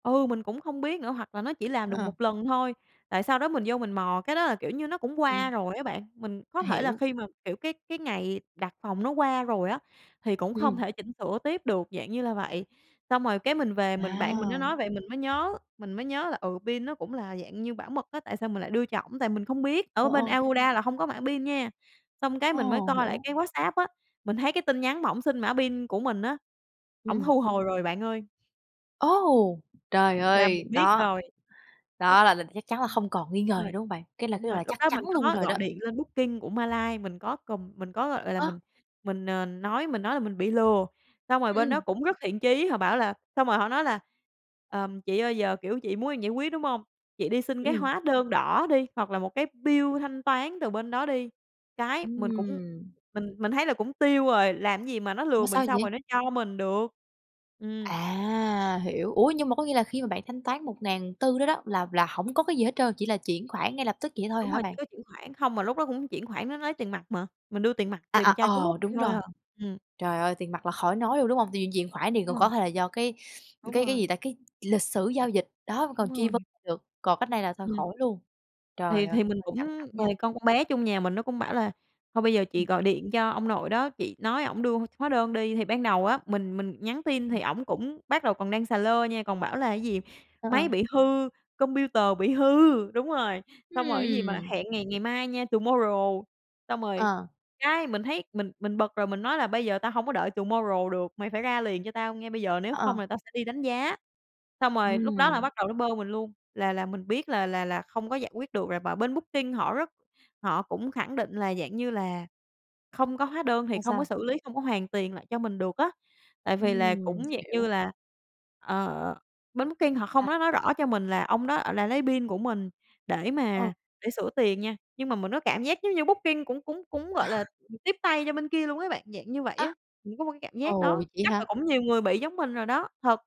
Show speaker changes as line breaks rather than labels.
Ừ, mình cũng không biết nữa, hoặc là nó chỉ làm được
Ờ.
một lần thôi, tại sau đó mình vô mình mò, cái đó là, kiểu như, nó cũng qua
Ừm.
rồi á bạn. Mình có thể là
Hiểu.
khi mà, kiểu, cái cái ngày đặt phòng nó qua rồi á, thì cũng không
Ừm.
thể chỉnh sửa tiếp được, dạng như là vậy. Xong rồi cái mình về mình bạn mình nó
À!
nói vậy mình mới nhớ mình mới nhớ là, ừ, pin nó cũng là, dạng như, bảo mật á, tại sao mình lại đưa cho ổng, tại mình không biết ở
Ờ,
bên
ờ.
Agoda là hông có mã pin nha. Xong cái
Ờ,
mình mới coi lại
hiểu.
cái Whatsapp á, mình thấy cái tin nhắn mà ổng xin mã pin của mình á, ổng
Ừm.
thu hồi rồi bạn ơi.
Ô, trời
Là
ơi,
mình biết
đó!
rồi. Đúng,
Đó là là chắc chắn là
ừm,
không còn nghi ngờ gì,
rồi,
đúng hông bạn? Cái là
đúng
cái là,
rồi,
gọi là,
lúc
chắc
đó
chắn
mình
luôn
có
rồi đó.
gọi điện lên Booking của Malay, mình có cầm mình có gọi gọi là
Ơ?
mình mình, ờ, nói mình nói là mình bị lừa, xong rồi bên đó
Ừm.
cũng rất thiện chí, họ bảo là xong rồi họ nói là "Ờm, chị ơi giờ, kiểu, chị muốn em giải quyết đúng hông? Chị đi xin cái
Ừm.
hóa đơn đỏ đi, hoặc là một cái bill thanh toán từ bên đó đi." Cái mình cũng
Ừm.
mình mình thấy là cũng tiêu rồi, làm cái gì mà nó lừa
Mà
mình
sao
xong rồi
vậy?
nó cho mình được. Ừm.
À, hiểu. Ủa, nhưng mà có nghĩa là khi mà bạn thanh toán 1400 đó đó là là hổng có cái gì hết trơn, chỉ là chuyển khoản ngay lập tức vậy thôi
Đúng
hả
rồi, chỉ
bạn?
có chuyển khoản, không mà lúc đó cũng chuyển khoản á, nó nói tiền mặt mà, mình đưa tiền mặt,
À, à,
tiền trao cháo múc
ờ,
vậy
đúng
thôi
rồi.
à, ừm.
Trời ơi, tiền mặt là khỏi nói luôn, đúng hông? Tại vì mình chuyển khoản thì
Đúng
còn có
rồi.
thể là do, cái
Đúng
cái cái gì
rồi.
ta, cái lịch sử giao dịch, đó, mình
Đúng
còn truy vấn
rồi.
ra được, còn cách này là thôi
Ừm.
khỏi luôn.
Thì
Trời ơi,
thì mình
hơi căng
cũng
thẳng nha.
thì con con bé chung nhà mình nó cũng bảo là "Thôi bây giờ chị
Ừm.
gọi điện cho ông nội đó, chị nói ổng đưa h hóa đơn đi." Thì ban đầu á, mình mình nhắn tin thì
Ừm.
ổng cũng bắt đầu còn đang xà lơ nha, còn bảo là, cái gì?
Ờ,
Máy
ờ.
bị hư, computer bị hư đúng rồi, xong rồi cái gì mà
Ừm!
hẹn ngày ngày mai nha, tomorrow. Xong rồi,
Ờ.
cái, mình thấy mình mình bực rồi, mình nói là "Bây giờ tao hông có đợi tomorrow được, mày phải ra liền cho tao ngay bây giờ, nếu
Ờ,
không
ờ.
là tao sẽ đi đánh giá." Xong rồi lúc đó là
Ừm.
bắt đầu nó bơ mình luôn, là là mình biết là là là không có giải quyết được rồi. Mà bên Booking họ rất họ cũng khẳng định là, dạng như là, không có hóa đơn thì
Sao,
không có
sao?
xử lý, không có hoàn tiền lại cho mình được á, tại vì là
Ừm,
cũng, dạng như
hiểu.
là, ờ, bên Booking họ không
À.
có nói rõ cho mình là ông đó, ờ, là lấy pin của mình để
Ờ.
mà để sửa tiền nha, nhưng mà mình có cảm giác giống như Booking cũng cũng cũng, gọi là, ừm, tiếp tay cho bên kia luôn á bạn, dạng như vậy
Á?
á. Mình có một cái cảm giác
Ồ,
đó,
vậy
chắc là
hả?
cũng nhiều người bị giống mình rồi đó, thật.